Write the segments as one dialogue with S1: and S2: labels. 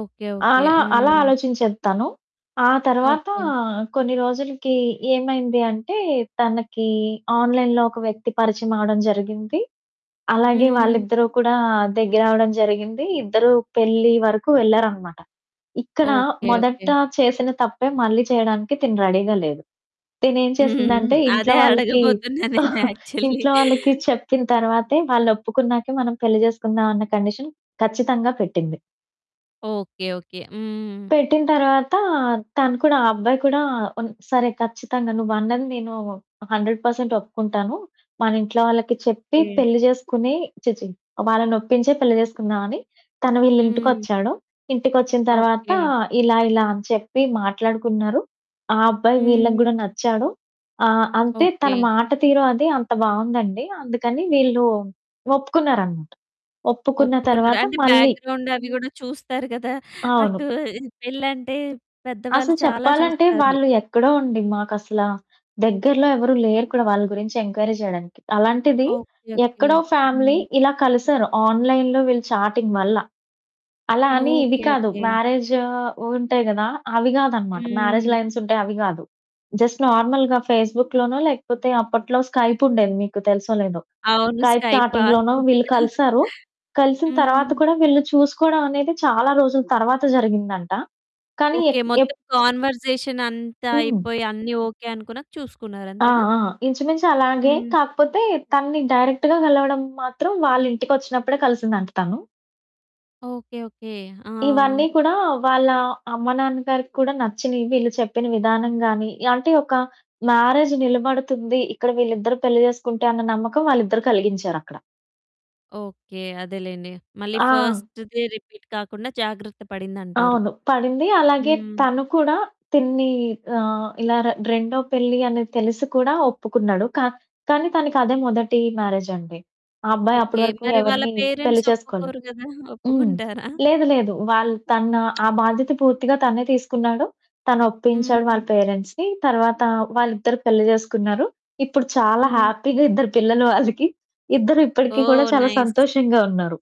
S1: Okay.
S2: ఆ!
S1: Okay.
S2: అలా అలా
S1: హ్మ్.
S2: ఆలోచించేది తను. ఆ తర్వాత
S1: ఓకే.
S2: కొన్ని రోజులకి ఏమైంది అంటే తనకి ఆన్లైన్‌లో ఒక వ్యక్తి పరిచయం అవడం జరిగింది. అలాగే
S1: హ్మ్.
S2: వాళ్ళిద్దరూ కూడా దగ్గరవడం జరిగింది. ఇద్దరూ పెళ్లి వరకు వెళ్లారనమాట. ఇక్కడ
S1: ఓకే.
S2: మొదట
S1: ఓకే.
S2: చేసిన తప్పే మళ్ళీ చేయడానికి తిను రెడీగా లేదు. తిను ఏం
S1: హ్మ్.
S2: చేసిందంటే ఇంట్లో
S1: అదే
S2: వాళ్ళకి,
S1: అడగబోతున్నా నేను యాక్చువల్లీ.
S2: ఇంట్లో వాళ్ళకి చెప్పిన తర్వాతే, వాళ్లొప్పుకున్నాకే మనం పెళ్లి చేసుకుందాం అన్న కండీషన్ ఖచ్చితంగా పెట్టింది.
S1: ఓకే. ఓకే. హ్మ్.
S2: పెట్టిన తర్వాత తను కూడా, ఆ అబ్బాయి కూడా ఉన్ సరే, ఖచ్చితంగా నువ్వన్నది నేను 100% ఒప్పుకుంటాను. మన ఇంట్లో వాళ్ళకి చెప్పి
S1: ఓకే.
S2: పెళ్లి చేసుకుని ఛీ! ఛీ! వాళ్ళనొప్పించే పెళ్లి చేసుకుందామని తను
S1: హ్మ్.
S2: వీళ్లింటికొచ్చాడు. ఇంటికొచ్చిన తర్వాత
S1: ఓకే.
S2: ఇలా ఇలా అని చెప్పి మాట్లాడుకున్నారు. ఆ అబ్బాయి వీళ్ళకి
S1: హ్మ్.
S2: గడా నచ్చాడు. ఆహ్, అంటే
S1: ఓకే.
S2: తన మాట తీరు అది అంత బావుందండి. అందుకని వీళ్ళు ఒప్పుకున్నారనమాట. ఒప్పుకున్న
S1: ఒప్పుకున్నారు.
S2: తర్వాత
S1: అంటే
S2: మళ్ళీ
S1: బ్యాక్‌గ్రౌండ్ అవి కూడా చూస్తారు కదా! అటు
S2: అవును.
S1: పెళ్లంటే పెద్దవాళ్లు
S2: అసలు
S1: చాలా
S2: చెప్పాలంటే
S1: చూస్తారు.
S2: వాళ్ళు ఎక్కడో అండి. మాకసల దగ్గరలో ఎవరు లేరు కూడా వాళ్ళ గురించి ఎంక్వైరీ చేయడానికి. అలాంటిది.
S1: ఓకే. ఓకే.
S2: ఎక్కడో ఫ్యామిలీ
S1: హ్మ్.
S2: ఇలా కలిసారు ఆన్లైన్‌లో వీళ్ళు చాటింగ్ వల్ల. అలా అని ఇవి
S1: ఓకే.
S2: కాదు.
S1: ఓకే.
S2: మ్యారేజ్ ఉంటాయి కదా! అవి కాదనమాట. మ్యారేజ్
S1: హ్మ్.
S2: లైన్స్ అయితే అవి కాదు. జస్ట్ నార్మల్‌గా ఫేస్‌బుక్‌లోనో లేకపోతే అప్పట్లో స్కైప్ ఉండేది, మీకు తెలుసో లేదో.
S1: అవును
S2: స్కైప్
S1: స్కైప్,
S2: చాటింగ్‌లోనో
S1: ఆర్కుట్.
S2: వీళ్ళు కలిసారు. కలిసిన తర్వాత
S1: హ్మ్.
S2: కూడా వీళ్ళు చూసుకోవడం అనేది చాలా రోజుల తర్వాత జరిగిందంట. కానీ
S1: ఓకే.
S2: ఎక్ ఎప్
S1: మొత్తం కాన్వర్సేషన్ అంతా
S2: హ్మ్.
S1: అయిపోయి అన్నీ ఓకే అనుకున్నాక చూసుకున్నారు.
S2: ఆ!
S1: అంతేనా?
S2: ఆ! ఇంచుమించి అలాగే.
S1: హ్మ్.
S2: కాకపోతే తనని డైరెక్ట్‌గా కలవడం మాత్రం వాళ్లింటికొచ్చినప్పుడే కలిసిందంట తను.
S1: ఓకే. ఓకే. ఆ!
S2: ఇవన్నీ కూడా వాళ్ళ అమ్మా, నాన్నగారికి కూడా నచ్చినయి. వీళ్ళు చెప్పిన విధానం గాని, అంటే ఒక మ్యారేజ్ నిలబడుతుంది. ఇక్కడ వీళ్ళిద్దరూ పెళ్లి చేసుకుంటే అన్న నమ్మకం వాళ్ళిద్దరూ కలిగించారక్కడ.
S1: ఓకే. అదేలెండి. మళ్ళీ
S2: ఆ!
S1: ఫస్ట్‌ది రిపీట్ కాకుండా జాగ్రత్త పడిందంటారు.
S2: అవును. పడింది. అలాగే
S1: హ్మ్.
S2: తను కూడా తినని ఆహ్, ఇలా ర రెండో పెళ్లి అనేది తెలిసి కూడా ఒప్పుకున్నాడు. కా కానీ తనకది మొదటి మ్యారేజ్ అండి. ఆ అబ్బాయి
S1: ఓకే.
S2: అప్పటివరకు
S1: మరి వాళ్ళ
S2: ఎవరిని పెళ్లి
S1: పేరెంట్స్
S2: చేసుకోలేదు.
S1: ఒప్పుకోరు కదా!
S2: హ్మ్.
S1: ఒప్పుకుంటారా?
S2: లేదు, లేదు. వాళ్ళు తన ఆ బాధ్యత పూర్తిగా తనే తీసుకున్నాడు. తను ఒప్పించాడు
S1: హ్మ్.
S2: వాళ్ళ పేరెంట్స్‌ని. తర్వాత వాళ్ళిద్దరూ పెళ్లి చేసుకున్నారు. ఇప్పుడు చాలా
S1: హ్మ్.
S2: హ్యాపీగా ఇద్దరు పిల్లలు వాళ్ళకి. ఇద్దరూ ఇప్పటికీ కూడా
S1: ఓహ్!
S2: చాలా
S1: నైస్.
S2: సంతోషంగా ఉన్నారు.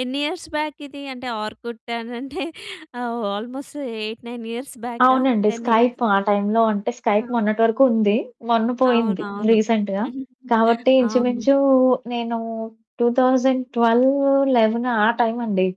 S1: ఎన్ని ఇయర్స్ బ్యాక్ ఇది? అంటే ఆర్కుట్ అని అంటే ఆల్మోస్ట్ 8, 9 ఇయర్స్ బ్యాకా
S2: అవునండి.
S1: 10 ఇయర్స్?
S2: స్కైప్ ఆ టైమ్‌లో అంటే స్కైప్
S1: ఆ!
S2: మొన్నటి వరకు ఉంది. మొన్న పోయింది.
S1: అవునవును.
S2: రీసెంట్‌గా. కాబట్టి
S1: అవును.
S2: ఇంచుమించు నేను 2012, 2011 ఆ టైమ్ అండి.